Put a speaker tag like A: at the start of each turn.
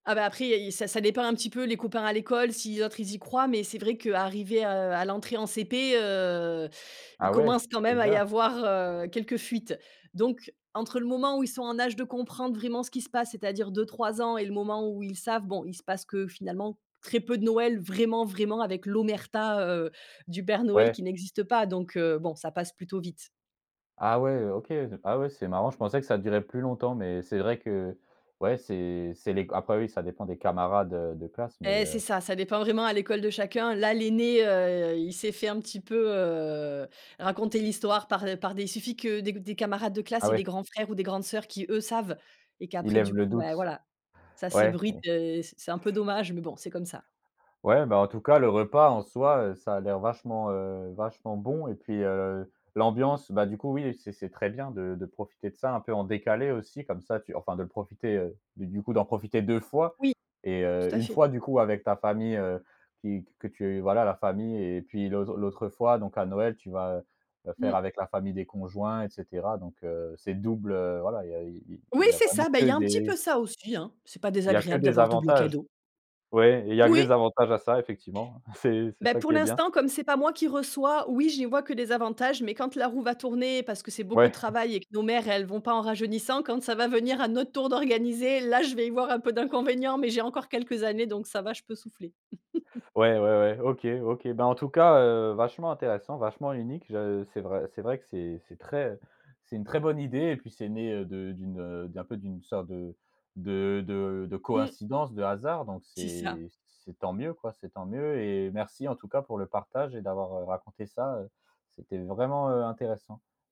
A: Ah bah après, il y a ça ça dépend un petit peu les copains à l'école, si les autres ils y croient. Mais c'est vrai qu'arriver, heu, à l'entrée en CP, heu, ils
B: Ah ouais?
A: commencent quand même à y
B: Déjà?
A: avoir, heu, quelques fuites. Donc, entre le moment où ils sont en âge de comprendre vraiment ce qui se passe, c'est-à-dire 2-3 ans et le moment où ils savent, bon, il se passe que finalement très peu de Noël, vraiment, vraiment, avec l'omerta, heu, du Père Noël
B: Ouais.
A: qui n'existe pas. Donc heu, bon, ça passe plutôt vite.
B: Ah ouais, OK, heu, ah ouais, c'est marrant, je pensais que ça durait plus longtemps. Mais c'est vrai que, ouais, c'est c'est les c après oui, ça dépend des camarades, heu, de classe mais,
A: Et c'est
B: heu
A: ça, ça dépend vraiment à l'école de chacun. Là, l'aîné, heu, il s'est fait un petit peu, heu, raconter l'histoire par par des il suffit que des c des camarades de
B: Ah
A: classe et des
B: ouais?
A: grands frères ou des grandes sœurs qui, eux, savent et
B: Ils
A: qu'après
B: lèvent
A: du
B: le
A: coup, bah,
B: doute,
A: voilà. Ça
B: ouais.
A: s'ébruite, heu, c c'est un peu dommage mais bon, c'est comme ça.
B: Ouais, bah en tout cas, le repas en soi, heu, ça a l'air vachement, heu, vachement bon et puis, heu, l'ambiance, bah, du coup, oui c'est c'est très bien de de profiter de ça un peu en décalé aussi, comme ça tu enfin de le profiter, heu, du du coup, d'en profiter 2 fois
A: Oui.
B: et heu,
A: Tout à
B: 1
A: fait.
B: fois, du coup, avec ta famille, heu, qui q que tu voilà, la famille et puis, l'autre l'autre fois, donc à Noël, tu vas, heu, heu, faire
A: Mmh.
B: avec la famille des conjoints et cetera. Donc heu, c'est double, heu, voilà, il y a i i
A: Oui,
B: il y a
A: c'est ça,
B: vraiment
A: bah, il y
B: que
A: a un petit
B: des
A: peu ça aussi, hein. C'est pas
B: il y a que
A: désagréable
B: des
A: d'avoir double
B: avantages.
A: cadeau.
B: Ouais, il y a que
A: Moui!
B: des avantages à ça effectivement. C'est c'est
A: Bah,
B: ça
A: pour
B: qui est bien.
A: l'instant, comme c'est pas moi qui reçois, oui, j'y vois que des avantages, mais quand la roue va tourner, parce que c'est beaucoup de
B: Ouais.
A: travail et que nos mères, elles vont pas en rajeunissant. Quand ça va venir à notre tour d'organiser, là, je vais y voir un peu d'inconvénients, mais j'ai encore quelques années, donc ça va, je peux souffler.
B: Ouais, ouais, ouais, OK, OK, bah, en tout cas, heu, vachement intéressant, vachement unique. Je c'est vrai c'est vrai que c'est c'est très c'est une très bonne idée et puis c'est né, heu, de d'une, heu, d'un peu d'une sorte de de de de
A: Mmh.
B: coïncidence, de hasard, donc
A: C'est ça.
B: c'est c'est tant mieux quoi, c'est tant mieux et merci, en tout cas, pour le partage et d'avoir, heu, raconté ça, heu, c'était vraiment, heu, intéressant.